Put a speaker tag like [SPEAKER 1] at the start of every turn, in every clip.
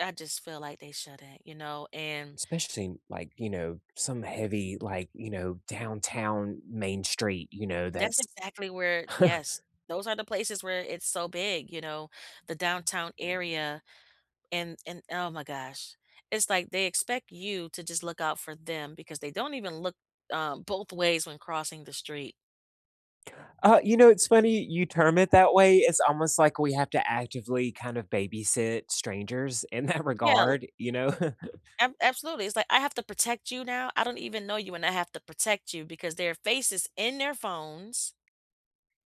[SPEAKER 1] I just feel like they shouldn't, you know, and
[SPEAKER 2] Especially, like, you know, some heavy, like, you know, downtown Main Street, you know,
[SPEAKER 1] That's
[SPEAKER 2] that's
[SPEAKER 1] exactly where yes, those are the places where it's so big, you know? The downtown area and and oh my gosh, it's like they expect you to just look out for them because they don't even look, um, both ways when crossing the street.
[SPEAKER 2] Uh, you know, it's funny you term it that way, it's almost like we have to actively kind of babysit strangers in that
[SPEAKER 1] Yeah, l
[SPEAKER 2] regard, you know?
[SPEAKER 1] Ab absolutely, it's like, "I have to protect you now, I don't even know you, and I have to protect you because their faces in their phones"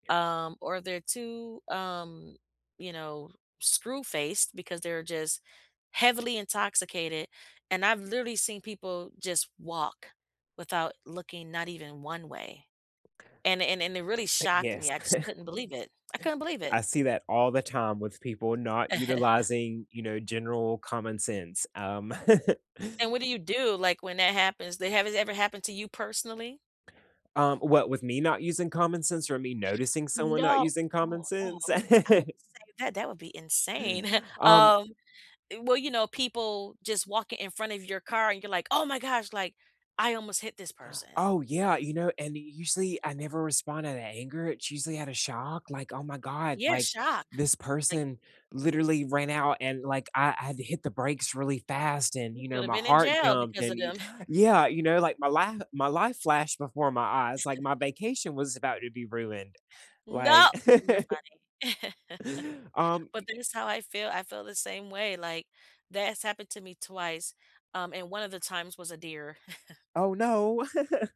[SPEAKER 1] um, or they're too, um, you know, screw-faced because they're just heavily intoxicated, and I've literally seen people just walk without looking not even one way. And it and and it really
[SPEAKER 2] I
[SPEAKER 1] shocked me,
[SPEAKER 2] yes.
[SPEAKER 1] I just couldn't believe it, I couldn't believe it.
[SPEAKER 2] I see that all the time with people not utilizing, you know, general common sense, um
[SPEAKER 1] And what do you do, like, when that happens they has it ever happened to you personally?
[SPEAKER 2] Um, what with me not using common sense or me noticing someone not
[SPEAKER 1] No
[SPEAKER 2] using common
[SPEAKER 1] oh, no, I
[SPEAKER 2] sense?
[SPEAKER 1] wouldn't I wouldn't say that, that would be insane,
[SPEAKER 2] Um
[SPEAKER 1] um, eh, well, you know, people just walking in front of your car and you're like, "Oh my gosh," like, "I almost hit this person."
[SPEAKER 2] Oh yeah, you know, and usually I never responded to that anger, it's usually outta shock, like, "Oh my God,
[SPEAKER 1] Yeah,
[SPEAKER 2] like
[SPEAKER 1] shocked,
[SPEAKER 2] this
[SPEAKER 1] like
[SPEAKER 2] person literally ran out and like I I had to hit the brakes really fast and,
[SPEAKER 1] You
[SPEAKER 2] you know,
[SPEAKER 1] could've
[SPEAKER 2] my
[SPEAKER 1] been in
[SPEAKER 2] heart
[SPEAKER 1] jail
[SPEAKER 2] jumped
[SPEAKER 1] because of
[SPEAKER 2] and"
[SPEAKER 1] them.
[SPEAKER 2] yeah, you know, like, my li my life flashed before my eyes, like, my vacation was about to be ruined,
[SPEAKER 1] No
[SPEAKER 2] like um,
[SPEAKER 1] you're
[SPEAKER 2] y
[SPEAKER 1] funny.
[SPEAKER 2] Um,
[SPEAKER 1] But
[SPEAKER 2] y
[SPEAKER 1] this how I feel, I feel the same way, like, that's happened to me twice, um, and one of the times was a deer.
[SPEAKER 2] Oh no.